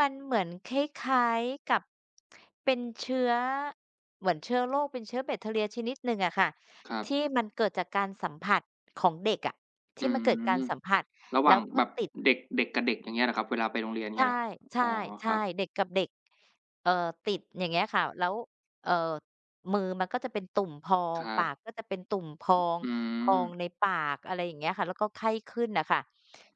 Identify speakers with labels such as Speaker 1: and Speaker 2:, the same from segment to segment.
Speaker 1: มันเหมือนคล้าย ๆ กับเป็นเชื้อ เหมือนเชื้อโรค เป็นเชื้อแบคทีเรียชนิดหนึ่งอะค่ะ
Speaker 2: ครั
Speaker 1: ที
Speaker 2: บ
Speaker 1: ่มันเกิดจากการสัมผัสของเด็กอะ ท
Speaker 2: อ
Speaker 1: ี
Speaker 2: ื
Speaker 1: ่มันเกิดกา
Speaker 2: ม
Speaker 1: รสัมผัส
Speaker 2: ระหว
Speaker 1: แล้
Speaker 2: ่าง
Speaker 1: วก็
Speaker 2: แบบ
Speaker 1: ติด
Speaker 2: เด็ก เด็กกับเด็ก อย่างเงี้ยเหรอครับ เวลาไปโรงเรียน อย่า
Speaker 1: ใ
Speaker 2: งเ
Speaker 1: ช
Speaker 2: งี้
Speaker 1: ่
Speaker 2: ยเหรอ?
Speaker 1: ใช
Speaker 2: อ
Speaker 1: ่
Speaker 2: ๋อ
Speaker 1: ใช
Speaker 2: ค
Speaker 1: ่
Speaker 2: รับ
Speaker 1: เด็กกับเด็ก เอ่อ ติด อย่างเงี้ยค่ะ แล้ว เอ่อ มือมันก็จะเป็นตุ่มพอ
Speaker 2: ค
Speaker 1: ง
Speaker 2: รั
Speaker 1: ปา
Speaker 2: บ
Speaker 1: กก็จะเป็นตุ่มพอง
Speaker 2: อื
Speaker 1: พอ
Speaker 2: ม
Speaker 1: งในปาก อะไรอย่างเงี้ยค่ะ แล้วก็ไข้ขึ้นน่ะค่ะ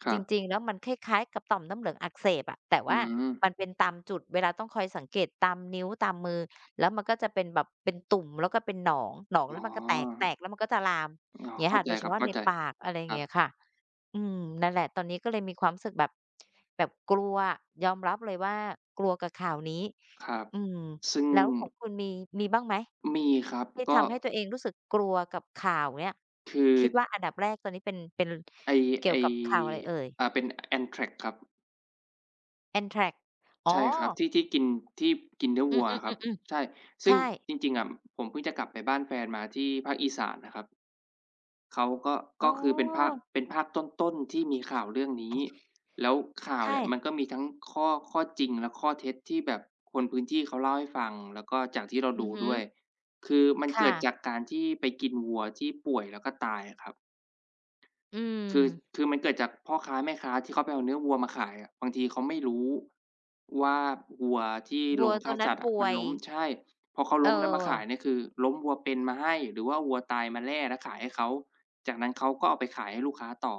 Speaker 2: คร
Speaker 1: จ
Speaker 2: ับ
Speaker 1: ริง ๆ แล้ว มันคล้าย ๆ กับต่อมน้ำเหลืองอักเสบอะ แต่
Speaker 2: อ
Speaker 1: ว
Speaker 2: ื
Speaker 1: ่า
Speaker 2: ม
Speaker 1: มันเป็นตามจุด เวลา ต้องคอยสังเกต ตามนิ้ว ตามมือ แล้วมันก็จะเป็นแบบ เป็นตุ่ม แล้วก็เป็นหนอง หนอง
Speaker 2: อ
Speaker 1: แล
Speaker 2: ๋
Speaker 1: ้
Speaker 2: อ
Speaker 1: ว มันก็แตก แตกแล้ว มันก็จะลาม
Speaker 2: อ๋อ
Speaker 1: เงี้
Speaker 2: เข
Speaker 1: ย
Speaker 2: ้า
Speaker 1: ค่ะ
Speaker 2: ใ
Speaker 1: โ
Speaker 2: จ
Speaker 1: ดยเฉ
Speaker 2: ครั
Speaker 1: พ
Speaker 2: บ
Speaker 1: าะ
Speaker 2: เข้
Speaker 1: ใ
Speaker 2: า
Speaker 1: น
Speaker 2: ใจ
Speaker 1: ปาก อะไร
Speaker 2: ครั
Speaker 1: เงี
Speaker 2: บ
Speaker 1: ้ยค่ะ อืม นั่นแหละ ตอนนี้ก็เลยมีความรู้สึกแบบ แบบกลัว ยอมรับเลยว่า กลัวกับข่าวนี้
Speaker 2: ครับ
Speaker 1: อืม
Speaker 2: ซึ่ง
Speaker 1: แล้วของคุณมี มีบ้างไหม
Speaker 2: มีครับ
Speaker 1: ที่
Speaker 2: ก
Speaker 1: ท
Speaker 2: ็
Speaker 1: ำให้ตัวเองรู้สึกกลัวกับข่าวเนี่ย?
Speaker 2: คือ
Speaker 1: คิดว่าอันดับแรก ตอนนี้เป็น เป็น
Speaker 2: ไอ้
Speaker 1: เกี
Speaker 2: ไ
Speaker 1: ่
Speaker 2: อ
Speaker 1: ย
Speaker 2: ้
Speaker 1: วกับข่าวอะไรเอ่ย?
Speaker 2: อ่า เป็น Anthrax ครับ
Speaker 1: Anthrax อ๋
Speaker 2: ใช
Speaker 1: อ
Speaker 2: ่ครับ ที่ ที่กิน ที่กินเนื้อ
Speaker 1: อื
Speaker 2: วั
Speaker 1: ม
Speaker 2: วอะครับ ใช
Speaker 1: ๆ
Speaker 2: ่
Speaker 1: ๆ ๆ
Speaker 2: ซ
Speaker 1: ใช
Speaker 2: ึ่ง
Speaker 1: ่
Speaker 2: จริง ๆ อะ ผมเพิ่งจะกลับไปบ้านแฟนมา ที่ภาคอีสานนะครับ เขาก็
Speaker 1: อ
Speaker 2: ก
Speaker 1: ๋
Speaker 2: ็
Speaker 1: อ
Speaker 2: คือเป็นภาค เป็นภาคต้น ๆ ที่มีข่าวเรื่องนี้ แล้วข่า
Speaker 1: ใช
Speaker 2: ว
Speaker 1: ่
Speaker 2: เนี่ย มันก็มีทั้งข้อ ข้อจริงและข้อเท็จ ที่แบบคนพื้นที่เขาเล่าให้ฟัง แล้วก็จากที่เรา
Speaker 1: อื
Speaker 2: ดู
Speaker 1: อฮึ
Speaker 2: ด้วย คือมัน
Speaker 1: ค
Speaker 2: เก
Speaker 1: ่
Speaker 2: ิด
Speaker 1: ะ
Speaker 2: จากการที่ไปกินวัวที่ป่วย แล้วก็ตายอะครับ
Speaker 1: อื
Speaker 2: คือ
Speaker 1: ม
Speaker 2: คือมันเกิดจากพ่อค้าแม่ค้า ที่เขาไปเอาเนื้อวัวมาขายอะ บางทีเขาไม่รู้ว่า วัวที่
Speaker 1: ว
Speaker 2: โ
Speaker 1: ั
Speaker 2: ร
Speaker 1: ว
Speaker 2: งฆ
Speaker 1: ตอ
Speaker 2: ่า
Speaker 1: นนั
Speaker 2: ส
Speaker 1: ้น
Speaker 2: ัตว์
Speaker 1: ป
Speaker 2: อะ
Speaker 1: ่
Speaker 2: มั
Speaker 1: ว
Speaker 2: น
Speaker 1: ย
Speaker 2: ล้ม ใช่ พอเขา
Speaker 1: เ
Speaker 2: ล้ม แล้วมาขา
Speaker 1: ออ
Speaker 2: ยเนี่ย คือ ล้มวัวเป็นมาให้ หรือว่าวัวตายมาแล่ แล้วขายให้เขา จากนั้นเขาก็เอาไปขาย ให้ลูกค้าต่อ